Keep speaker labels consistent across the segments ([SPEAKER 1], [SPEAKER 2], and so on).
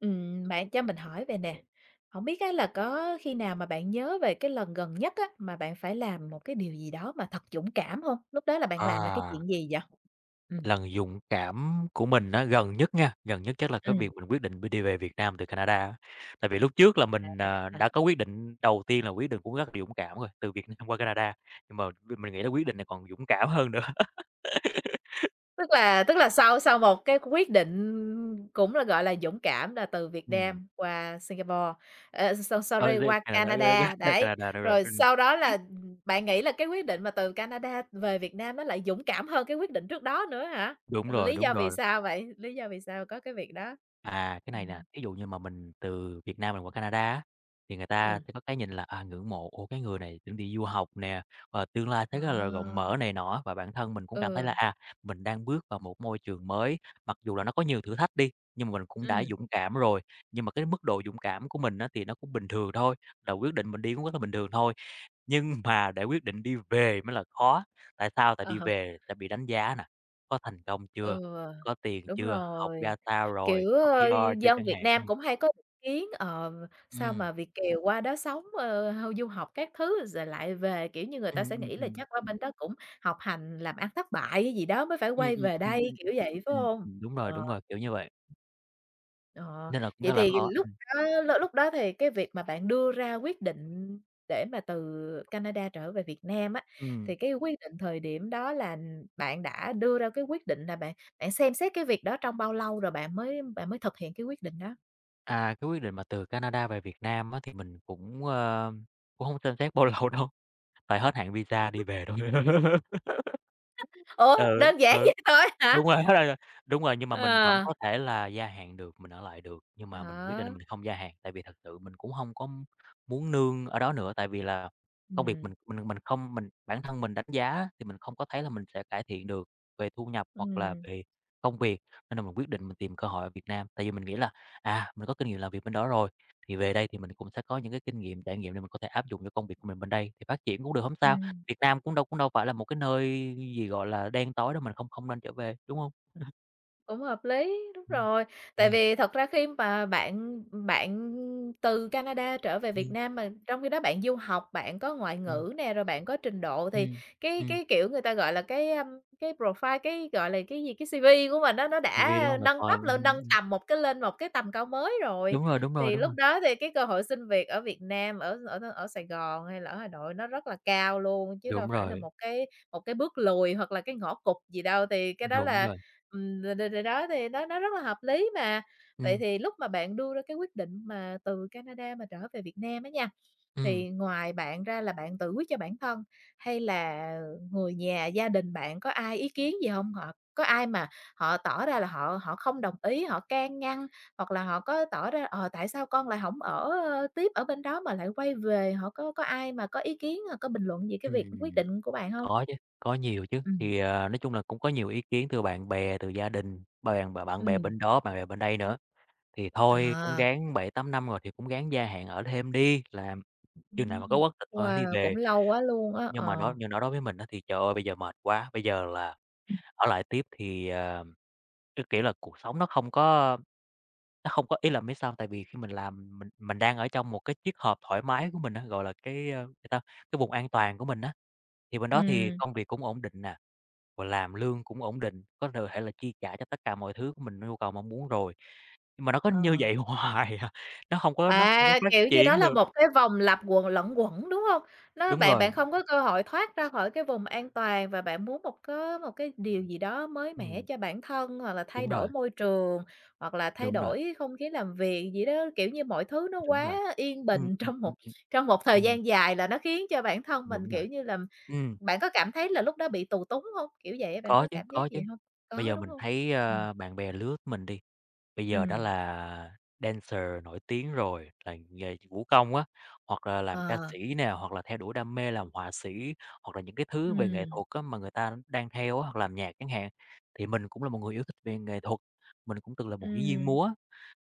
[SPEAKER 1] Ừm, bạn cho mình hỏi vầy nè, hổng biết á là có khi nào mà bạn nhớ về cái lần gần nhất á, mà bạn phải làm một cái điều gì đó mà thật dũng cảm hông? Lúc đó là bạn làm là cái
[SPEAKER 2] À.
[SPEAKER 1] chuyện gì vậy? Ừm.
[SPEAKER 2] Lần dũng cảm của mình á, gần nhất nha, gần nhất chắc là cái
[SPEAKER 1] Ừm.
[SPEAKER 2] việc mình quyết định bi đi về Việt Nam từ Canada á. Tại vì lúc trước là mình, à, đã
[SPEAKER 1] À.
[SPEAKER 2] có quyết định đầu tiên là quyết được cũng rất là dũng cảm rồi, từ Việt Nam qua Canada. Nhưng mà việc mình nghĩ là quyết định này còn dũng cảm hơn nữa.
[SPEAKER 1] Tức là tức là sau sau một cái quyết định cũng là, gọi là, dũng cảm, là từ Việt
[SPEAKER 2] Ừm.
[SPEAKER 1] Nam qua Singapore, ờ, so
[SPEAKER 2] Ôi,
[SPEAKER 1] sorry,
[SPEAKER 2] với
[SPEAKER 1] qua
[SPEAKER 2] ngày nào đó [unintelligible] ra
[SPEAKER 1] Canada,
[SPEAKER 2] tới
[SPEAKER 1] đấy,
[SPEAKER 2] Canada thôi bạn.
[SPEAKER 1] rồi
[SPEAKER 2] Ừm.
[SPEAKER 1] sau đó là, ừm, bạn nghĩ là cái quyết định mà từ Canada về Việt Nam nó lại dũng cảm hơn cái quyết định trước đó nữa hả?
[SPEAKER 2] Đúng
[SPEAKER 1] Ừ,
[SPEAKER 2] rồi,
[SPEAKER 1] lý
[SPEAKER 2] đúng
[SPEAKER 1] do vì
[SPEAKER 2] rồi.
[SPEAKER 1] sao vậy? Lý do vì sao có cái việc đó?
[SPEAKER 2] À, cái này nè,
[SPEAKER 1] Ừm.
[SPEAKER 2] thí dụ như mà mình từ Việt Nam mình qua Canada á, thì người ta
[SPEAKER 1] Ừm.
[SPEAKER 2] sẽ có cái nhìn là, à, ngưỡng mộ: "Ủa? Cái người này chuẩn bị du học nè, và tương lai thấy rất là rộng
[SPEAKER 1] À.
[SPEAKER 2] mở" này nọ á. Và bản thân mình cũng cảm thấy là,
[SPEAKER 1] Ừ.
[SPEAKER 2] à, mình đang bước vào một môi trường mới, mặc dù là nó có nhiều thử thách đi, nhưng mà mình cũng đã
[SPEAKER 1] Ừm.
[SPEAKER 2] dũng cảm rồi. Nhưng mà cái mức độ dũng cảm của mình á thì nó cũng bình thường thôi, là quyết định mình đi cũng rất là bình thường thôi. Nhưng mà để quyết định đi về mới là khó. Tại sao? Tại
[SPEAKER 1] Ờ
[SPEAKER 2] đi
[SPEAKER 1] ha.
[SPEAKER 2] về sẽ bị đánh giá nè: "Có thành công chưa?
[SPEAKER 1] Ừ,
[SPEAKER 2] Có tiền
[SPEAKER 1] đúng
[SPEAKER 2] chưa? Học
[SPEAKER 1] rồi,
[SPEAKER 2] ra sao rồi?
[SPEAKER 1] kiểu,
[SPEAKER 2] Học
[SPEAKER 1] ờ,
[SPEAKER 2] PR chưa?"
[SPEAKER 1] dân
[SPEAKER 2] chẳng
[SPEAKER 1] Việt
[SPEAKER 2] hạn.
[SPEAKER 1] Nam
[SPEAKER 2] Ừm.
[SPEAKER 1] cũng hay có ý kiến, ờ, sao
[SPEAKER 2] Ừm.
[SPEAKER 1] mà Việt kiều qua đó sống, ờ, hao du học các thứ rồi lại về? Kiểu như, người ta
[SPEAKER 2] Ừm,
[SPEAKER 1] sẽ
[SPEAKER 2] ừm,
[SPEAKER 1] nghĩ là
[SPEAKER 2] ừm.
[SPEAKER 1] chắc qua bên đó cũng học hành, làm ăn thất bại hay gì đó mới phải
[SPEAKER 2] Ừm,
[SPEAKER 1] quay
[SPEAKER 2] ừm,
[SPEAKER 1] về
[SPEAKER 2] ừm,
[SPEAKER 1] đây,
[SPEAKER 2] ừm.
[SPEAKER 1] kiểu vậy, phải
[SPEAKER 2] Ừm,
[SPEAKER 1] hông?
[SPEAKER 2] ừm, đúng rồi,
[SPEAKER 1] Ờ.
[SPEAKER 2] đúng rồi, kiểu như vậy.
[SPEAKER 1] Ờ,
[SPEAKER 2] Nên là cũng rất
[SPEAKER 1] vậy
[SPEAKER 2] là
[SPEAKER 1] thì
[SPEAKER 2] khó.
[SPEAKER 1] lúc
[SPEAKER 2] Ừm.
[SPEAKER 1] đó l lúc đó thì cái việc mà bạn đưa ra quyết định để mà từ Canada trở về Việt Nam á, thì
[SPEAKER 2] Ừm.
[SPEAKER 1] cái quyết định thời điểm đó là, ừm, bạn đã đưa ra cái quyết định là bạn bạn xem xét cái việc đó trong bao lâu rồi bạn mới bạn mới thực hiện cái quyết định đó?
[SPEAKER 2] À, cái quyết định mà từ Canada về Việt Nam á thì mình cũng, ơ, cũng hông xem xét bao lâu đâu, tại hết hạn visa đi về thôi.
[SPEAKER 1] Ủa,
[SPEAKER 2] Ừ,
[SPEAKER 1] đơn giản
[SPEAKER 2] ừ,
[SPEAKER 1] vậy thôi á hả?
[SPEAKER 2] đúng rồi, đúng rồi, nhưng mà mình vẫn
[SPEAKER 1] À.
[SPEAKER 2] có thể là gia hạn được, mình ở lại được. Nhưng
[SPEAKER 1] À
[SPEAKER 2] mà mình quyết định là
[SPEAKER 1] hả?
[SPEAKER 2] mình không gia hạn, tại vì thật sự mình cũng hông có muốn nương ở đó nữa. Tại vì là công việc
[SPEAKER 1] Ừm.
[SPEAKER 2] mình mình mình không mình bản thân mình đánh giá thì mình không có thấy là mình sẽ cải thiện được về thu nhập hoặc là
[SPEAKER 1] Ừm.
[SPEAKER 2] về công việc. Nên là mình quyết định mình tìm cơ hội ở Việt Nam. Tại vì mình nghĩ là, à, mình có kinh nghiệm làm việc bên đó rồi thì về đây thì mình cũng sẽ có những cái kinh nghiệm, trải nghiệm để mình có thể áp dụng cho công việc của mình bên đây thì phát triển cũng được, hổng sao.
[SPEAKER 1] Ừm.
[SPEAKER 2] Việt Nam cũng đâu cũng đâu phải là một cái nơi gì, gọi là, đen tối đâu, mình không không nên trở về, đúng hông? Ừm.
[SPEAKER 1] Cũng hợp lý, đúng
[SPEAKER 2] Ừm,
[SPEAKER 1] rồi. Tại
[SPEAKER 2] ừm.
[SPEAKER 1] vì thật ra khi mà bạn bạn từ Canada trở về Việt
[SPEAKER 2] Ừm.
[SPEAKER 1] Nam mà trong khi đó bạn du học, bạn có ngoại
[SPEAKER 2] Ừm.
[SPEAKER 1] ngữ nè, rồi bạn có trình độ thì
[SPEAKER 2] Ừm,
[SPEAKER 1] cái
[SPEAKER 2] ừm.
[SPEAKER 1] cái, kiểu, người ta gọi là cái, a, cái profile cái gọi là, cái gì, cái CV của mình á nó
[SPEAKER 2] CV đúng
[SPEAKER 1] đã
[SPEAKER 2] hông?
[SPEAKER 1] nâng
[SPEAKER 2] Profile,
[SPEAKER 1] cấp lên
[SPEAKER 2] ừm,
[SPEAKER 1] nâng
[SPEAKER 2] ừm.
[SPEAKER 1] tầm một cái lên một cái tầm cao mới rồi.
[SPEAKER 2] Đúng rồi, đúng rồi,
[SPEAKER 1] Thì
[SPEAKER 2] đúng
[SPEAKER 1] lúc
[SPEAKER 2] rồi.
[SPEAKER 1] đó thì cái cơ hội xin việc ở Việt Nam, ở ở ở Sài Gòn hay là ở Hà Nội nó rất là cao luôn chứ đâu
[SPEAKER 2] Đúng
[SPEAKER 1] phải là
[SPEAKER 2] rồi.
[SPEAKER 1] một cái một cái bước lùi hoặc là cái ngõ cụt gì đâu, thì cái đó
[SPEAKER 2] Đúng
[SPEAKER 1] là,
[SPEAKER 2] rồi.
[SPEAKER 1] ừm, rồi rồi rồi đó thì nó nó rất là hợp lý mà. Vậy
[SPEAKER 2] Ừm.
[SPEAKER 1] thì lúc mà bạn đưa ra cái quyết định mà từ Canada mà trở về Việt Nam á nha,
[SPEAKER 2] Ừm.
[SPEAKER 1] thì ngoài bạn ra là bạn tự quyết cho bản thân, hay là người nhà gia đình bạn có ai ý kiến gì hông? Hoặc có ai mà họ tỏ ra là họ họ không đồng ý, họ can ngăn, hoặc là họ có tỏ ra, "Ờ, tại sao con lại hổng ở, ơ, tiếp ở bên đó mà lại quay về?" họ có có ai mà có ý kiến hoặc có bình luận gì cái việc quyết
[SPEAKER 2] Ừm,
[SPEAKER 1] định của bạn hông?
[SPEAKER 2] có chứ, có nhiều chứ.
[SPEAKER 1] Ừm.
[SPEAKER 2] Thì, à, nói chung là cũng có nhiều ý kiến từ bạn bè, từ gia đình, bè mà bạn bè
[SPEAKER 1] Ừm.
[SPEAKER 2] bên đó, bạn bè bên đây nữa. Thì thôi cũng
[SPEAKER 1] À.
[SPEAKER 2] ráng 7, 8 năm rồi thì cũng ráng gia hạn ở thêm đi làm chừng nào mà có
[SPEAKER 1] Ừm,
[SPEAKER 2] quốc tịch thôi hẵng đi
[SPEAKER 1] wow, cũng
[SPEAKER 2] về.
[SPEAKER 1] lâu quá luôn á,
[SPEAKER 2] Nhưng mà
[SPEAKER 1] ờ.
[SPEAKER 2] đó nhưng đó đối với mình á thì, trời ơi, bây giờ mệt quá, bây giờ là
[SPEAKER 1] Ừm.
[SPEAKER 2] ở lại tiếp thì, ờ, cái kiểu là cuộc sống nó không có nó không có, ý là, biết sao hông, tại vì khi mình làm, mình mình đang ở trong một cái chiếc hộp thoải mái của mình á, gọi là, cái, ơ, gì ta, cái vùng an toàn của mình á. Thì bên đó thì
[SPEAKER 1] Ừm.
[SPEAKER 2] công việc cũng ổn định nè, rồi làm lương cũng ổn định, có th thể là chi trả cho tất cả mọi thứ của mình, nhu cầu mong muốn rồi. Nhưng mà nó có như
[SPEAKER 1] Ờ.
[SPEAKER 2] vậy hoài à, nó hông có nó hông có
[SPEAKER 1] À,
[SPEAKER 2] phát
[SPEAKER 1] kiểu như đó
[SPEAKER 2] triển
[SPEAKER 1] là
[SPEAKER 2] được.
[SPEAKER 1] một cái vòng lặp quần luẩn quẩn, đúng hông? Nó
[SPEAKER 2] Đúng
[SPEAKER 1] bạn
[SPEAKER 2] rồi.
[SPEAKER 1] bạn không có cơ hội thoát ra khỏi cái vùng an toàn và bạn muốn một có một cái điều gì đó mới mẻ
[SPEAKER 2] Ừm.
[SPEAKER 1] cho bản thân, hoặc là thay
[SPEAKER 2] Đúng
[SPEAKER 1] đổi
[SPEAKER 2] rồi.
[SPEAKER 1] môi trường, hoặc là thay
[SPEAKER 2] Đúng rồi.
[SPEAKER 1] đổi không khí làm việc gì đó. Kiểu như mọi thứ nó
[SPEAKER 2] Đúng
[SPEAKER 1] quá
[SPEAKER 2] rồi.
[SPEAKER 1] yên
[SPEAKER 2] Ừm,
[SPEAKER 1] bình
[SPEAKER 2] ừm,
[SPEAKER 1] trong
[SPEAKER 2] ừm,
[SPEAKER 1] một
[SPEAKER 2] ừm,
[SPEAKER 1] trong một thời
[SPEAKER 2] ừm.
[SPEAKER 1] gian dài là nó khiến cho bản thân mình,
[SPEAKER 2] Đúng rồi,
[SPEAKER 1] kiểu như là,
[SPEAKER 2] ừm.
[SPEAKER 1] bạn có cảm thấy là lúc đó bị tù túng hông? Kiểu vậy á, bạn
[SPEAKER 2] Có
[SPEAKER 1] có
[SPEAKER 2] chứ,
[SPEAKER 1] cảm giác
[SPEAKER 2] có
[SPEAKER 1] vậy
[SPEAKER 2] chứ,
[SPEAKER 1] hông?
[SPEAKER 2] bây
[SPEAKER 1] Có,
[SPEAKER 2] giờ
[SPEAKER 1] đúng
[SPEAKER 2] mình
[SPEAKER 1] hông?
[SPEAKER 2] thấy,
[SPEAKER 1] Ừm.
[SPEAKER 2] ơ, bạn bè lứa mình đi, bây giờ đã
[SPEAKER 1] Ừm.
[SPEAKER 2] là dancer nổi tiếng rồi là nghề vũ công á, hoặc là làm ca
[SPEAKER 1] Ờ.
[SPEAKER 2] sĩ nè, hoặc là theo đuổi đam mê làm họa sĩ hoặc là những cái thứ về nghệ
[SPEAKER 1] Ừm.
[SPEAKER 2] thuật á mà người ta đang theo á, hoặc làm nhạc chẳng hạn. Thì mình cũng là một người yêu thích về nghệ thuật, mình cũng từng là một diễn viên
[SPEAKER 1] Ừm.
[SPEAKER 2] múa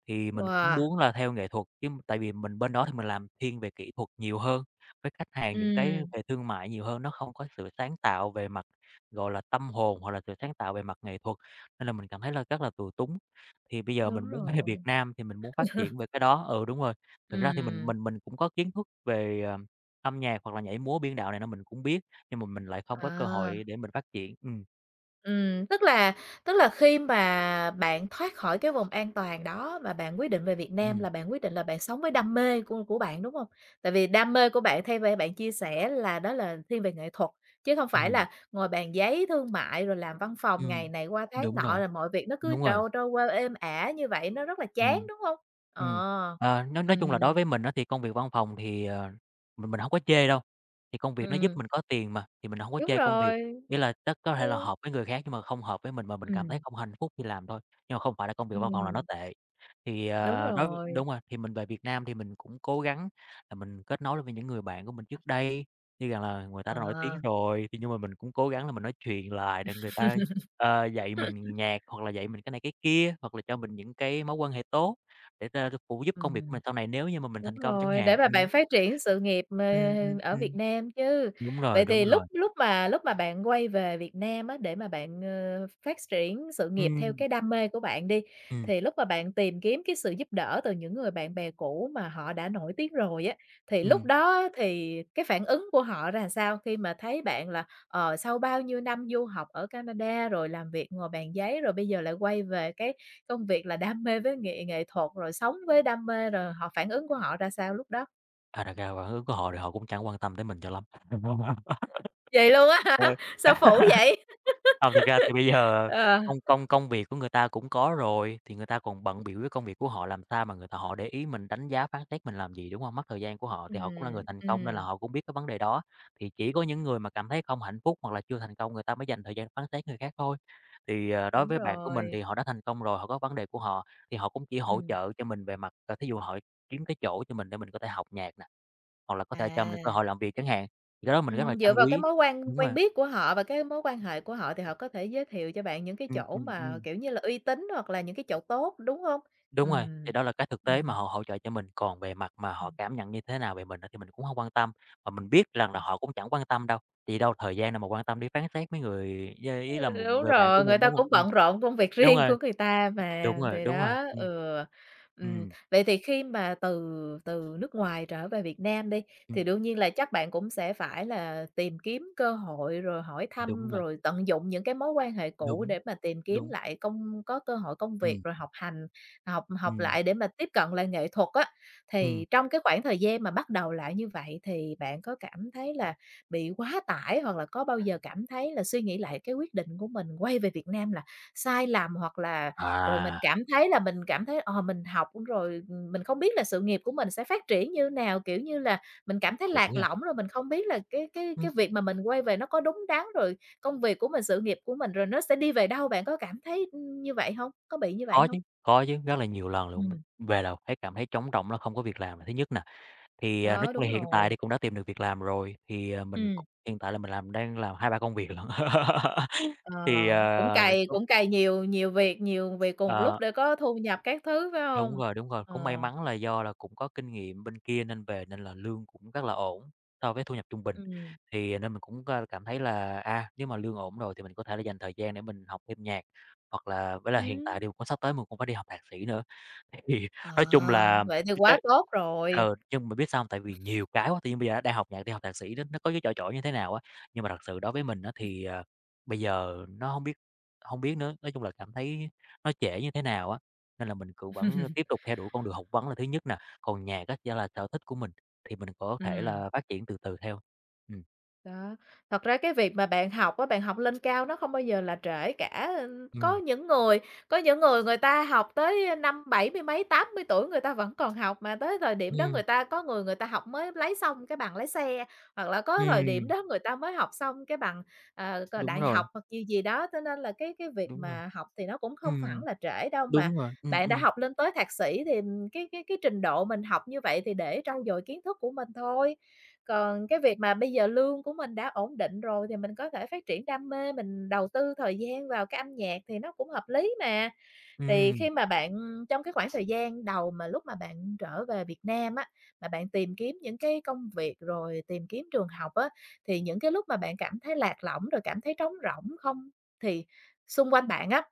[SPEAKER 2] thì mình cũng
[SPEAKER 1] Wow.
[SPEAKER 2] muốn là theo nghệ thuật chứ. Tại vì mình bên đó thì mình làm thiên về kỹ thuật nhiều hơn với khách hàng, những cái
[SPEAKER 1] Ừm.
[SPEAKER 2] về thương mại nhiều hơn. Nó không có sự sáng tạo về mặt, gọi là, tâm hồn hoặc là sự sáng tạo về mặt nghệ thuật. Nên là mình cảm thấy là rất là tù túng. Thì bây giờ mình
[SPEAKER 1] Đúng
[SPEAKER 2] muốn về
[SPEAKER 1] rồi.
[SPEAKER 2] Việt Nam thì mình muốn phát triển về cái đó. Ừ, đúng rồi, thực ra thì mình
[SPEAKER 1] Ừm.
[SPEAKER 2] mình mình cũng có kiến thức về âm nhạc hoặc là nhảy múa, biên đạo này mình cũng biết, nhưng mà mình lại không có cơ
[SPEAKER 1] À.
[SPEAKER 2] hội để mình phát triển. Ừm.
[SPEAKER 1] Ừm, tức là tức là khi mà bạn thoát khỏi cái vùng an toàn đó, mà bạn quyết định về Việt Nam
[SPEAKER 2] Ừm.
[SPEAKER 1] là bạn quyết định là bạn sống với đam mê của của bạn, đúng hông? Tại vì đam mê của bạn theo b bạn chia sẻ là đó là thiên về nghệ thuật, chứ không phải
[SPEAKER 2] Ừm.
[SPEAKER 1] là ngồi bàn giấy thương mại rồi làm văn phòng ngày
[SPEAKER 2] Ừm,
[SPEAKER 1] này qua tháng
[SPEAKER 2] đúng
[SPEAKER 1] nọ,
[SPEAKER 2] rồi,
[SPEAKER 1] rồi mọi việc nó cứ
[SPEAKER 2] đúng rồi.
[SPEAKER 1] trôi trôi qua êm ả như vậy nó rất là chán,
[SPEAKER 2] Ừm,
[SPEAKER 1] đúng hông?
[SPEAKER 2] ừm,
[SPEAKER 1] Ờ,
[SPEAKER 2] ờ, nói nói chung là đối
[SPEAKER 1] ừm.
[SPEAKER 2] với mình á thì công việc văn phòng thì, ờ, mình mình hổng có chê đâu. Thì công việc nó giúp
[SPEAKER 1] Ừm.
[SPEAKER 2] mình có tiền mà, thì mình hông có
[SPEAKER 1] Đúng
[SPEAKER 2] chê công việc.
[SPEAKER 1] rồi.
[SPEAKER 2] Ý là chắc có thể là
[SPEAKER 1] Ừ.
[SPEAKER 2] hợp với người khác nhưng mà không hợp với mình và mình cảm thấy
[SPEAKER 1] Ừm.
[SPEAKER 2] không hạnh phúc khi làm thôi, nhưng mà không phải là công việc văn phòng là nó
[SPEAKER 1] Ừm.
[SPEAKER 2] tệ. Thì,
[SPEAKER 1] Đúng
[SPEAKER 2] ờ, đối với
[SPEAKER 1] rồi.
[SPEAKER 2] đúng rồi thì mình về Việt Nam thì mình cũng cố gắng là mình kết nối lại với những người bạn của mình trước đây, như rằng là người ta đã nổi tiếng
[SPEAKER 1] À.
[SPEAKER 2] rồi. Thì nhưng mà mình cũng cố gắng là mình nói chuyện lại, rồi người ta, a, dạy mình nhạc hoặc là dạy mình cái này cái kia, hoặc là cho mình những cái mối quan hệ tốt để ta phụ giúp công việc của
[SPEAKER 1] Ừm.
[SPEAKER 2] mình sau này, nếu như mà mình
[SPEAKER 1] Đúng
[SPEAKER 2] thành công chẳng
[SPEAKER 1] rồi, để
[SPEAKER 2] hạn,
[SPEAKER 1] mà
[SPEAKER 2] ừm.
[SPEAKER 1] bạn phát triển sự nghiệp, ờ,
[SPEAKER 2] Ừm, ừm,
[SPEAKER 1] ở Việt
[SPEAKER 2] ừm.
[SPEAKER 1] Nam chứ.
[SPEAKER 2] Đúng rồi,
[SPEAKER 1] Vậy
[SPEAKER 2] đúng
[SPEAKER 1] thì
[SPEAKER 2] rồi.
[SPEAKER 1] lúc lúc mà lúc mà bạn quay về Việt Nam á để mà bạn, ờ, ph phát triển sự nghiệp theo
[SPEAKER 2] Ừm.
[SPEAKER 1] cái đam mê của bạn đi,
[SPEAKER 2] Ừm.
[SPEAKER 1] thì lúc mà bạn tìm kiếm cái sự giúp đỡ từ những người bạn bè cũ mà họ đã nổi tiếng rồi á, thì lúc
[SPEAKER 2] Ừm.
[SPEAKER 1] đó á thì cái phản ứng của họ ra sao khi mà thấy bạn là, ờ, sau bao nhiêu năm du học ở Canada rồi làm việc ngồi bàn giấy rồi bây giờ lại quay về cái công việc là đam mê với nghệ nghệ thuật, rồi sống với đam mê, rồi họ phản ứng của họ ra sao lúc đó?
[SPEAKER 2] À, thật ra phản ứng của họ thì họ cũng chẳng quan tâm tới mình cho lắm.
[SPEAKER 1] Vậy luôn á hả?
[SPEAKER 2] Ờ.
[SPEAKER 1] Sao phũ vậy?
[SPEAKER 2] Ờ, thực ra thì bây giờ
[SPEAKER 1] Ờ.
[SPEAKER 2] công công công việc của người ta cũng có rồi thì người ta còn bận bịu với công việc của họ, làm sao mà người ta họ để ý mình, đánh giá phán xét mình làm gì, đúng hông? Mất thời gian của họ, thì họ cũng là người
[SPEAKER 1] Ừm,
[SPEAKER 2] thành công nên là
[SPEAKER 1] ừm.
[SPEAKER 2] họ cũng biết cái vấn đề đó. Thì chỉ có những người mà cảm thấy không hạnh phúc, hoặc là chưa thành công người ta mới dành thời gian phán xét người khác thôi. Thì, ờ, đối
[SPEAKER 1] Đúng
[SPEAKER 2] với bạn của mình
[SPEAKER 1] rồi.
[SPEAKER 2] thì họ đã thành công rồi, họ có vấn đề của họ. Thì họ cũng chỉ hỗ
[SPEAKER 1] Ừm.
[SPEAKER 2] trợ cho mình về mặt, ờ, thí dụ họ kiếm cái chỗ cho mình để mình có thể học nhạc nè, hoặc là có thể cho mình cơ
[SPEAKER 1] À.
[SPEAKER 2] hội làm việc chẳng hạn, thì cái đó mình rất là
[SPEAKER 1] Ừm, dựa
[SPEAKER 2] trân
[SPEAKER 1] vào cái
[SPEAKER 2] quý.
[SPEAKER 1] mối quan
[SPEAKER 2] Đúng
[SPEAKER 1] quen
[SPEAKER 2] mà.
[SPEAKER 1] biết của họ và cái mối quan hệ của họ thì họ có thể giới thiệu cho bạn những cái
[SPEAKER 2] Ừm,
[SPEAKER 1] chỗ
[SPEAKER 2] ừm,
[SPEAKER 1] mà,
[SPEAKER 2] ừm.
[SPEAKER 1] kiểu như là, uy tín, hoặc là những cái chỗ tốt, đúng hông?
[SPEAKER 2] Đúng rồi, thì
[SPEAKER 1] Ừm,
[SPEAKER 2] đó là cách thực tế mà
[SPEAKER 1] ừm.
[SPEAKER 2] họ hỗ trợ cho mình, còn về mặt mà
[SPEAKER 1] Ừm.
[SPEAKER 2] họ cảm nhận như thế nào về mình á thì mình cũng hông quan tâm. Và mình biết rằng là
[SPEAKER 1] Ừm.
[SPEAKER 2] họ cũng chẳng quan tâm đâu, tại vì đâu thời gian đâu mà quan tâm, đi phán xét mấy người yeah, ý là
[SPEAKER 1] Ừ.
[SPEAKER 2] một
[SPEAKER 1] Đúng
[SPEAKER 2] người bạn của
[SPEAKER 1] rồi, người
[SPEAKER 2] mình,
[SPEAKER 1] ta
[SPEAKER 2] đúng
[SPEAKER 1] cũng
[SPEAKER 2] hông? Ừm,
[SPEAKER 1] bận rộn công việc
[SPEAKER 2] đúng
[SPEAKER 1] riêng
[SPEAKER 2] rồi.
[SPEAKER 1] của người ta mà,
[SPEAKER 2] Đúng rồi,
[SPEAKER 1] thì
[SPEAKER 2] đúng rồi,
[SPEAKER 1] đó,
[SPEAKER 2] ừm.
[SPEAKER 1] ừ, ừm.
[SPEAKER 2] Ừm.
[SPEAKER 1] Vậy thì khi mà từ từ nước ngoài trở về Việt Nam đi, thì
[SPEAKER 2] Ừm.
[SPEAKER 1] đương nhiên là chắc bạn cũng sẽ phải là tìm kiếm cơ hội rồi hỏi thăm,
[SPEAKER 2] Đúng rồi.
[SPEAKER 1] rồi tận dụng những cái mối quan hệ cũ
[SPEAKER 2] Đúng,
[SPEAKER 1] để mà tìm kiếm
[SPEAKER 2] đúng.
[SPEAKER 1] lại công có cơ hội công việc
[SPEAKER 2] Ừm.
[SPEAKER 1] rồi học hành, học học
[SPEAKER 2] Ừm.
[SPEAKER 1] lại để mà tiếp cận lại nghệ thuật á. Thì
[SPEAKER 2] Ừm.
[SPEAKER 1] trong cái khoảng thời gian mà bắt đầu lại như vậy thì bạn có cảm thấy là bị quá tải, hoặc là có bao giờ cảm thấy là suy nghĩ lại cái quyết định của mình quay về Việt Nam là sai lầm, hoặc là rồi mình
[SPEAKER 2] À.
[SPEAKER 1] cảm thấy là mình cảm thấy, ờ, mình học rồi, ừm, mình không biết là sự nghiệp của mình sẽ phát triển như nào. Kiểu như là, mình cảm thấy
[SPEAKER 2] Đúng
[SPEAKER 1] lạc
[SPEAKER 2] nha.
[SPEAKER 1] lõng, rồi mình không biết là cái cái
[SPEAKER 2] Ừm.
[SPEAKER 1] cái việc mà mình quay về nó có đúng đắn, rồi công việc của mình, sự nghiệp của mình rồi nó sẽ đi về đâu. Bạn có cảm thấy, ừm, như vậy hông? Có bị như vậy
[SPEAKER 2] Có
[SPEAKER 1] hông?
[SPEAKER 2] chứ, có chứ, rất là nhiều lần luôn. Mình
[SPEAKER 1] Ừm.
[SPEAKER 2] về đầu thấy cảm thấy trống rỗng là không có việc làm là thứ nhất nè. Thì, à, nói
[SPEAKER 1] Đó,
[SPEAKER 2] chung
[SPEAKER 1] đúng
[SPEAKER 2] là hiện tại
[SPEAKER 1] rồi.
[SPEAKER 2] thì cũng đã tìm được việc làm rồi, thì, ờ, mình
[SPEAKER 1] Ừm.
[SPEAKER 2] cũng hiện tại là mình làm đang làm 2, 3 công việc lận.
[SPEAKER 1] Ờ,
[SPEAKER 2] Thì, ờ,
[SPEAKER 1] cũng
[SPEAKER 2] nói
[SPEAKER 1] cày
[SPEAKER 2] chung
[SPEAKER 1] cũng cày nhiều nhiều việc nhiều việc cùng lúc
[SPEAKER 2] Ờ.
[SPEAKER 1] để có thu nhập các thứ, phải
[SPEAKER 2] Đúng
[SPEAKER 1] hông?
[SPEAKER 2] rồi, đúng rồi,
[SPEAKER 1] Ờ.
[SPEAKER 2] cũng may mắn là do là cũng có kinh nghiệm bên kia nên về nên là lương cũng rất là ổn so với thu nhập trung bình.
[SPEAKER 1] Ừm.
[SPEAKER 2] Thì nên mình cũng c cảm thấy là, à, nếu mà lương ổn rồi thì mình có thể là dành thời gian để mình học thêm nhạc, hoặc là với là hiện tại
[SPEAKER 1] Ừm.
[SPEAKER 2] thì cũng sắp tới mình cũng phải đi học thạc sĩ nữa. Thì thì
[SPEAKER 1] Ờ,
[SPEAKER 2] nói chung là,
[SPEAKER 1] vậy thì
[SPEAKER 2] cái
[SPEAKER 1] quá
[SPEAKER 2] cái,
[SPEAKER 1] tốt rồi.
[SPEAKER 2] ừ, chung bạn biết sao hông, tại vì nhiều cái quá, tự nhiên bây giờ á đang học nhạc, đi học thạc sĩ nó có cái chỏi chỏi như thế nào á. Nhưng mà thật sự đối với mình á thì, ờ, bây giờ nó hông biết hông biết nữa, nói chung là cảm thấy nó trễ như thế nào á, nên là mình cũng vẫn tiếp tục theo đuổi con đường học vấn là thứ nhất nè. Còn nhạc á chỉ là sở thích của mình thì mình có thể
[SPEAKER 1] Ừm.
[SPEAKER 2] là phát triển từ từ theo. Ừm.
[SPEAKER 1] Đó, thật ra cái việc mà bạn học á, bạn học lên cao nó hông bao giờ là trễ cả, ơ, có
[SPEAKER 2] Ừm.
[SPEAKER 1] những người có những người người ta học tới năm bảy mươi mấy, 80 tuổi người ta vẫn còn học mà tới thời điểm đó
[SPEAKER 2] Ừm.
[SPEAKER 1] người ta có người người ta học mới lấy xong cái bằng lái xe, hoặc là có thời điểm
[SPEAKER 2] Ừm.
[SPEAKER 1] đó người ta mới học xong cái bằng, ờ, c
[SPEAKER 2] Đúng
[SPEAKER 1] đại
[SPEAKER 2] rồi.
[SPEAKER 1] học hoặc gì gì đó. Cho nên là cái cái việc
[SPEAKER 2] Đúng rồi.
[SPEAKER 1] mà học thì nó cũng không hẳn
[SPEAKER 2] Ừm.
[SPEAKER 1] là trễ đâu mà
[SPEAKER 2] Đúng rồi, ừm,
[SPEAKER 1] bạn đã
[SPEAKER 2] ừm.
[SPEAKER 1] học lên tới thạc sĩ thì cái cái cái trình độ mình học như vậy thì để trau dồi kiến thức của mình thôi. Còn cái việc mà bây giờ lương của mình đã ổn định rồi thì mình có thể phát triển đam mê, mình đầu tư thời gian vào cái âm nhạc thì nó cũng hợp lý mà. Thì
[SPEAKER 2] Ừm.
[SPEAKER 1] khi mà bạn trong cái khoảng thời gian đầu mà lúc mà bạn trở về Việt Nam á, mà bạn tìm kiếm những cái công việc rồi tìm kiếm trường học á thì những cái lúc mà bạn cảm thấy lạc lõng rồi cảm thấy trống rỗng không thì xung quanh bạn á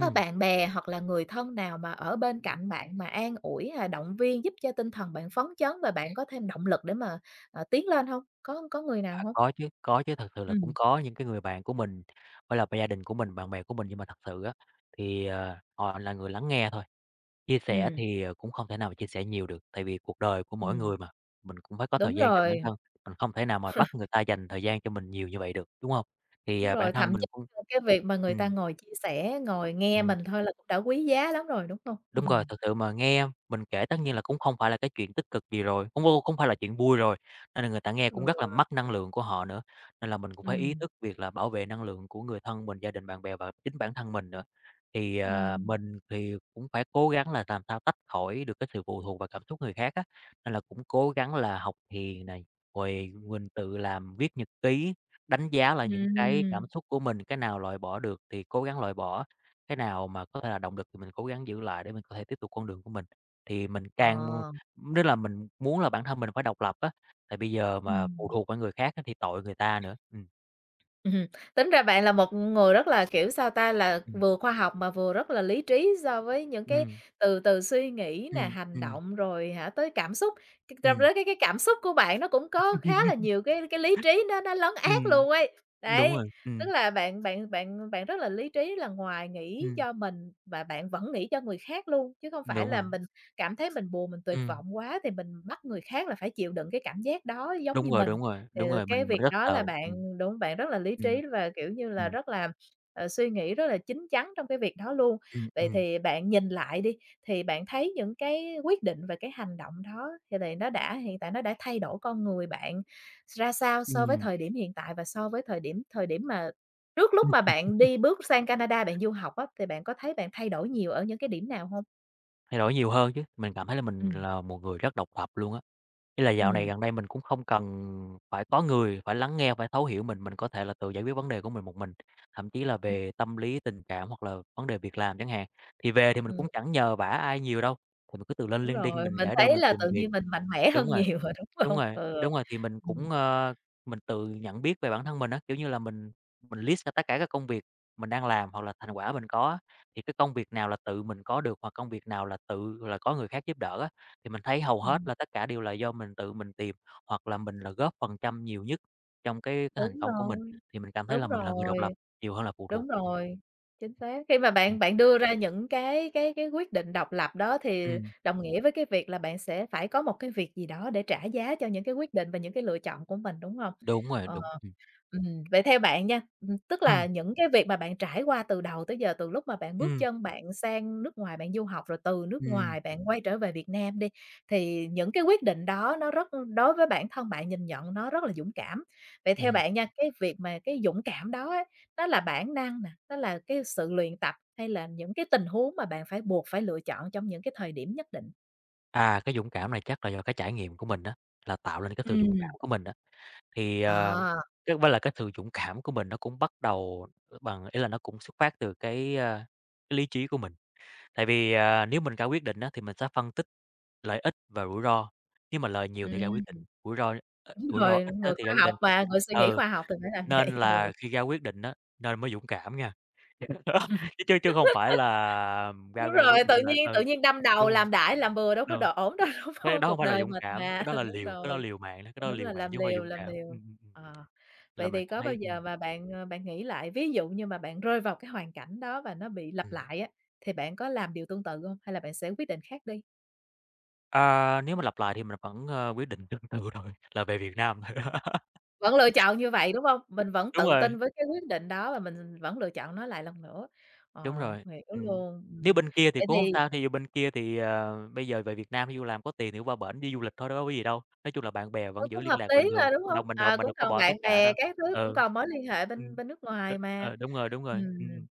[SPEAKER 1] có bạn bè hoặc là người thân nào mà ở bên cạnh bạn mà an ủi hay động viên giúp cho tinh thần bạn phấn chấn và bạn có thêm động lực để mà, ờ, tiến lên hông? Có có người nào
[SPEAKER 2] À,
[SPEAKER 1] hông?
[SPEAKER 2] có chứ, có chứ thật sự là cũng
[SPEAKER 1] Ừm.
[SPEAKER 2] có những cái người bạn của mình, với là gia đình của mình, bạn bè của mình nhưng mà thật sự á thì, ờ, họ là người lắng nghe thôi, chia sẻ
[SPEAKER 1] Ừm.
[SPEAKER 2] thì, ờ, cũng không thể nào mà chia sẻ nhiều được, tại vì cuộc đời của mỗi
[SPEAKER 1] Ừm.
[SPEAKER 2] người mà mình cũng phải có thời
[SPEAKER 1] Đúng
[SPEAKER 2] gian cho bản
[SPEAKER 1] rồi.
[SPEAKER 2] thân, mình không thể nào mà bắt người ta dành thời gian cho mình nhiều như vậy được, đúng hông? Thì,
[SPEAKER 1] Đúng
[SPEAKER 2] à, bản
[SPEAKER 1] rồi,
[SPEAKER 2] thân
[SPEAKER 1] thậm chí
[SPEAKER 2] mình cũng.
[SPEAKER 1] là cái việc mà người ta
[SPEAKER 2] Ừm.
[SPEAKER 1] ngồi chia sẻ, ngồi nghe
[SPEAKER 2] Ừm.
[SPEAKER 1] mình thôi là cũng đã quý giá lắm rồi, đúng hông? Ừm
[SPEAKER 2] Đúng rồi,
[SPEAKER 1] hừm.
[SPEAKER 2] thực sự mà nghe mình kể tất nhiên là cũng không phải là cái chuyện tích cực gì rồi, cũng, ô không phải là chuyện vui rồi, nên là người ta nghe
[SPEAKER 1] Ừ.
[SPEAKER 2] cũng rất là mất năng lượng của họ nữa, nên là mình cũng phải ý
[SPEAKER 1] Ừm.
[SPEAKER 2] thức việc là bảo vệ năng lượng của người thân mình, gia đình, bạn bè và chính bản thân mình nữa. Thì, ờ,
[SPEAKER 1] Ừm.
[SPEAKER 2] mình thì cũng phải cố gắng là làm sao tách khỏi được cái sự phụ thuộc vào cảm xúc người khác á, nên là cũng cố gắng là học thiền này, rồi mình tự làm viết nhật ký, đánh giá lại những cái
[SPEAKER 1] Ừm.
[SPEAKER 2] cảm xúc của mình, cái nào loại bỏ được thì cố gắng loại bỏ, cái nào mà có thể là động lực thì mình cố gắng giữ lại để mình có thể tiếp tục con đường của mình, thì mình càng
[SPEAKER 1] Ờ.
[SPEAKER 2] nếu là mình muốn là bản thân mình phải độc lập á, thì bây giờ mà phụ
[SPEAKER 1] Ừm.
[SPEAKER 2] thuộc vô người khác thì tội người ta nữa. Ừm.
[SPEAKER 1] Ừm, tính ra bạn là một người rất là, kiểu, sao ta, là
[SPEAKER 2] Ừm.
[SPEAKER 1] vừa khoa học mà vừa rất là lý trí so với những cái
[SPEAKER 2] Ừm.
[SPEAKER 1] từ từ suy nghĩ nè,
[SPEAKER 2] Ừm,
[SPEAKER 1] hành
[SPEAKER 2] ừm.
[SPEAKER 1] động rồi, hả, tới cảm xúc, c trong
[SPEAKER 2] Ừm.
[SPEAKER 1] đó cái cái cảm xúc của bạn nó cũng có khá là nhiều cái cái lý trí nó nó lấn át
[SPEAKER 2] Ừm,
[SPEAKER 1] luôn ấy.
[SPEAKER 2] đúng
[SPEAKER 1] Đấy,
[SPEAKER 2] rồi,
[SPEAKER 1] tức
[SPEAKER 2] ừm.
[SPEAKER 1] là bạn bạn bạn bạn rất là lý trí, là ngoài nghĩ
[SPEAKER 2] Ừm.
[SPEAKER 1] cho mình và bạn vẫn nghĩ cho người khác luôn chứ không phải
[SPEAKER 2] Đúng
[SPEAKER 1] là
[SPEAKER 2] rồi.
[SPEAKER 1] mình cảm thấy mình buồn, mình tuyệt
[SPEAKER 2] Ừm.
[SPEAKER 1] vọng quá thì mình bắt người khác là phải chịu đựng cái cảm giác đó giống
[SPEAKER 2] Đúng
[SPEAKER 1] như
[SPEAKER 2] rồi,
[SPEAKER 1] mình.
[SPEAKER 2] đúng rồi,
[SPEAKER 1] Thì,
[SPEAKER 2] đúng
[SPEAKER 1] ờ,
[SPEAKER 2] rồi, mình
[SPEAKER 1] cái
[SPEAKER 2] mình
[SPEAKER 1] việc
[SPEAKER 2] rất
[SPEAKER 1] đó là
[SPEAKER 2] sợ. Ừm,
[SPEAKER 1] bạn đúng không bạn rất là lý
[SPEAKER 2] ừm,
[SPEAKER 1] trí và, kiểu như là,
[SPEAKER 2] ừm.
[SPEAKER 1] rất là, ờ, suy nghĩ rất là chín chắn trong cái việc đó luôn.
[SPEAKER 2] Ừm,
[SPEAKER 1] Vậy
[SPEAKER 2] ừm.
[SPEAKER 1] thì bạn nhìn lại đi thì bạn thấy những cái quyết định và cái hành động đó thì lại nó đã hiện tại nó đã thay đổi con người bạn ra sao so với
[SPEAKER 2] Ừm.
[SPEAKER 1] thời điểm hiện tại và so với thời điểm thời điểm mà trước lúc mà bạn đi bước sang Canada bạn du học á thì bạn có thấy bạn thay đổi nhiều ở những cái điểm nào hông?
[SPEAKER 2] Thay đổi nhiều hơn chứ, mình cảm thấy là mình
[SPEAKER 1] Ừm.
[SPEAKER 2] là một người rất độc lập luôn á, ý là dạo này
[SPEAKER 1] Ừm.
[SPEAKER 2] gần đây mình cũng không cần phải có người phải lắng nghe, phải thấu hiểu mình, mình có thể là tự giải quyết vấn đề của mình một mình. Thậm chí là
[SPEAKER 1] Ừm.
[SPEAKER 2] về tâm lý tình cảm hoặc là vấn đề việc làm chẳng hạn, thì về thì mình
[SPEAKER 1] Ừm.
[SPEAKER 2] cũng chẳng nhờ vả ai nhiều đâu, thì mình cứ tự lên
[SPEAKER 1] Đúng
[SPEAKER 2] LinkedIn
[SPEAKER 1] rồi,
[SPEAKER 2] mình
[SPEAKER 1] mình
[SPEAKER 2] để đơn
[SPEAKER 1] thấy
[SPEAKER 2] mình
[SPEAKER 1] là
[SPEAKER 2] tìm
[SPEAKER 1] tự
[SPEAKER 2] việc.
[SPEAKER 1] nhiên mình mạnh mẽ
[SPEAKER 2] Đúng
[SPEAKER 1] hơn
[SPEAKER 2] rồi,
[SPEAKER 1] nhiều rồi, đúng
[SPEAKER 2] đúng
[SPEAKER 1] hông?
[SPEAKER 2] rồi,
[SPEAKER 1] Ừ,
[SPEAKER 2] đúng rồi, thì mình
[SPEAKER 1] ừm.
[SPEAKER 2] cũng, ờ, mình tự nhận biết về bản thân mình á, kiểu như là, mình mình list ra tất cả các công việc mình đang làm hoặc là thành quả mình có á, thì cái công việc nào là tự mình có được hoặc công việc nào là tự là có người khác giúp đỡ á. Thì mình thấy hầu hết
[SPEAKER 1] Ừm.
[SPEAKER 2] là tất cả đều là do mình tự mình tìm hoặc là mình là góp phần trăm nhiều nhất trong cái cái thành
[SPEAKER 1] Đúng
[SPEAKER 2] công của mình,
[SPEAKER 1] rồi,
[SPEAKER 2] thì mình cảm thấy là
[SPEAKER 1] đúng
[SPEAKER 2] mình là người độc
[SPEAKER 1] rồi,
[SPEAKER 2] lập nhiều hơn là phụ
[SPEAKER 1] đúng
[SPEAKER 2] thuộc. Ừm.
[SPEAKER 1] rồi, chính xác. Khi mà
[SPEAKER 2] Ừm.
[SPEAKER 1] bạn bạn đưa ra những cái cái cái quyết định độc lập đó thì
[SPEAKER 2] Ừm.
[SPEAKER 1] đồng nghĩa với cái việc là bạn sẽ phải có một cái việc gì đó để trả giá cho những cái quyết định và những cái lựa chọn của mình, đúng hông?
[SPEAKER 2] Đúng rồi,
[SPEAKER 1] Ờ,
[SPEAKER 2] đúng, ừm.
[SPEAKER 1] ừm, vậy theo bạn nha, ừm, tức
[SPEAKER 2] Ừm.
[SPEAKER 1] là những cái việc mà bạn trải qua từ đầu tới giờ từ lúc mà bạn bước
[SPEAKER 2] Ừm.
[SPEAKER 1] chân bạn sang nước ngoài bạn du học, rồi từ nước
[SPEAKER 2] Ừm.
[SPEAKER 1] ngoài bạn quay trở về Việt Nam đi, thì những cái quyết định đó nó rất đối với bản thân bạn nhìn nhận nó rất là dũng cảm. Vậy theo
[SPEAKER 2] Ừm.
[SPEAKER 1] bạn nha, cái việc mà cái dũng cảm đó á, nó là bản năng nè, nó là cái sự luyện tập hay là những cái tình huống mà bạn phải buộc phải lựa chọn trong những cái thời điểm nhất định?
[SPEAKER 2] À, cái dũng cảm này chắc là do cái trải nghiệm của mình á, là tạo nên cái sự dũng cảm
[SPEAKER 1] Ừm.
[SPEAKER 2] của mình á. Thì, ờ,
[SPEAKER 1] À.
[SPEAKER 2] chắc cũng phải là cái sự dũng cảm của mình nó cũng bắt đầu, à, bằng ý là nó cũng xuất phát từ cái, a, cái lý trí của mình. Tại vì, à, nếu mình ra quyết định á, thì mình sẽ phân tích lợi ích và rủi ro, nếu mà lời nhiều thì ra
[SPEAKER 1] Ừm.
[SPEAKER 2] quyết định rủi ro ít
[SPEAKER 1] Đúng
[SPEAKER 2] rủi ro
[SPEAKER 1] rồi,
[SPEAKER 2] ít á
[SPEAKER 1] người
[SPEAKER 2] thì
[SPEAKER 1] khoa
[SPEAKER 2] ra quyết
[SPEAKER 1] học
[SPEAKER 2] định.
[SPEAKER 1] mà, người suy nghĩ
[SPEAKER 2] Ừ,
[SPEAKER 1] khoa học thì phải làm vậy.
[SPEAKER 2] nên
[SPEAKER 1] Ừ.
[SPEAKER 2] là khi ra quyết định á, nên mới dũng cảm nghe. Chứ chứ chứ không phải là ra
[SPEAKER 1] Đúng
[SPEAKER 2] ra
[SPEAKER 1] rồi,
[SPEAKER 2] quyết định
[SPEAKER 1] tự
[SPEAKER 2] là
[SPEAKER 1] nhiên
[SPEAKER 2] ừ,
[SPEAKER 1] tự nhiên đâm đầu
[SPEAKER 2] đúng rồi.
[SPEAKER 1] làm đại làm bừa đâu có đ
[SPEAKER 2] Ừ,
[SPEAKER 1] ổn đâu, đúng
[SPEAKER 2] cái
[SPEAKER 1] hông?
[SPEAKER 2] đó hông
[SPEAKER 1] Cuộc
[SPEAKER 2] phải là
[SPEAKER 1] đời
[SPEAKER 2] dũng
[SPEAKER 1] mình
[SPEAKER 2] cảm, cái
[SPEAKER 1] mà
[SPEAKER 2] đó là
[SPEAKER 1] đúng
[SPEAKER 2] liều cái đó
[SPEAKER 1] rồi.
[SPEAKER 2] liều mạng đó, cái đó là
[SPEAKER 1] Đúng là
[SPEAKER 2] liều mạng
[SPEAKER 1] làm
[SPEAKER 2] chứ hông phải
[SPEAKER 1] liều
[SPEAKER 2] dũng
[SPEAKER 1] làm
[SPEAKER 2] cảm,
[SPEAKER 1] liều.
[SPEAKER 2] ừm, ừm, ừm,
[SPEAKER 1] Ờ,
[SPEAKER 2] là
[SPEAKER 1] vậy
[SPEAKER 2] mình
[SPEAKER 1] thì
[SPEAKER 2] cảm
[SPEAKER 1] có bao
[SPEAKER 2] thấy
[SPEAKER 1] giờ
[SPEAKER 2] ừm.
[SPEAKER 1] mà bạn, à, bạn nghĩ lại, ví dụ như mà bạn rơi vào cái hoàn cảnh đó và nó bị lặp
[SPEAKER 2] Ừm.
[SPEAKER 1] lại á, thì bạn có làm điều tương tự hông, hay là bạn sẽ quyết định khác đi?
[SPEAKER 2] À, nếu mà lặp lại thì mình vẫn, a, quyết định tương tự rồi, là về Việt Nam.
[SPEAKER 1] Vẫn lựa chọn như vậy, đúng hông? Mình vẫn
[SPEAKER 2] Đúng
[SPEAKER 1] tự
[SPEAKER 2] rồi.
[SPEAKER 1] tin với cái quyết định đó và mình, ừm, vẫn lựa chọn nó lại lần nữa,
[SPEAKER 2] Đúng
[SPEAKER 1] ờ,
[SPEAKER 2] rồi,
[SPEAKER 1] hiểu
[SPEAKER 2] ừm,
[SPEAKER 1] luôn.
[SPEAKER 2] nếu
[SPEAKER 1] Ừm,
[SPEAKER 2] bên kia thì
[SPEAKER 1] vậy
[SPEAKER 2] cũng hông
[SPEAKER 1] thì
[SPEAKER 2] sao, thí dụ bên kia thì, ờ, bây giờ về Việt Nam, thí dụ làm có tiền thì đi qua bển đi du lịch thôi, đ đâu có gì đâu. Nói chung là bạn bè
[SPEAKER 1] Ừ,
[SPEAKER 2] vẫn giữ
[SPEAKER 1] cũng
[SPEAKER 2] liên
[SPEAKER 1] hợp
[SPEAKER 2] lạc
[SPEAKER 1] lý
[SPEAKER 2] bình thường,
[SPEAKER 1] mà, đúng
[SPEAKER 2] mình đâu
[SPEAKER 1] hông?
[SPEAKER 2] mình đâu
[SPEAKER 1] Ờ,
[SPEAKER 2] mình
[SPEAKER 1] cũng
[SPEAKER 2] đâu có
[SPEAKER 1] còn
[SPEAKER 2] bỏ tất
[SPEAKER 1] bạn
[SPEAKER 2] cả
[SPEAKER 1] bè
[SPEAKER 2] đâu.
[SPEAKER 1] các thứ, cũng
[SPEAKER 2] Ừ,
[SPEAKER 1] còn mối liên hệ
[SPEAKER 2] ừm,
[SPEAKER 1] bên bên nước
[SPEAKER 2] ừ,
[SPEAKER 1] ngoài mà.
[SPEAKER 2] ừ, đúng rồi, đúng rồi,
[SPEAKER 1] Ừm.
[SPEAKER 2] ừm.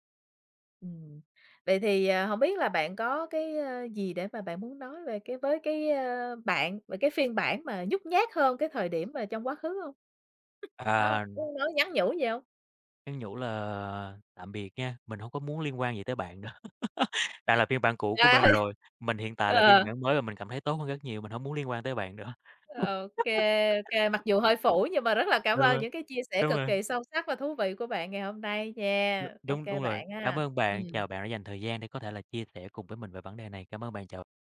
[SPEAKER 1] Ừm, vậy thì, ờ, hông biết là bạn có cái gì để mà bạn muốn nói về cái với cái bạn về cái phiên bản mà nhút nhát hơn cái thời điểm mà trong quá khứ hông? Có hông,
[SPEAKER 2] À.
[SPEAKER 1] có muốn nói nhắn nhủ gì hông?
[SPEAKER 2] Nhắn nhủ là "Tạm biệt nha, mình hông có muốn liên quan gì tới bạn nữa. Bạn là phiên bản cũ của mình
[SPEAKER 1] Trời!
[SPEAKER 2] rồi, mình hiện tại là phiên
[SPEAKER 1] Ờ.
[SPEAKER 2] bản mới và mình cảm thấy tốt hơn rất nhiều, mình hổng muốn liên quan tới bạn nữa."
[SPEAKER 1] Ô kê, ô kê, mặc dù hơi phũ, nhưng mà rất là cảm
[SPEAKER 2] Đúng
[SPEAKER 1] ơn
[SPEAKER 2] rồi,
[SPEAKER 1] những cái chia sẻ
[SPEAKER 2] đúng
[SPEAKER 1] cực
[SPEAKER 2] rồi.
[SPEAKER 1] kỳ sâu sắc và thú vị của bạn ngày hôm nay
[SPEAKER 2] Đ
[SPEAKER 1] nha. OK
[SPEAKER 2] đúng, đúng rồi.
[SPEAKER 1] bạn ha.
[SPEAKER 2] Cảm ơn bạn, chào
[SPEAKER 1] Ừm.
[SPEAKER 2] bạn đã dành thời gian để có thể là chia sẻ cùng với mình về vấn đề này. Cảm ơn bạn, chào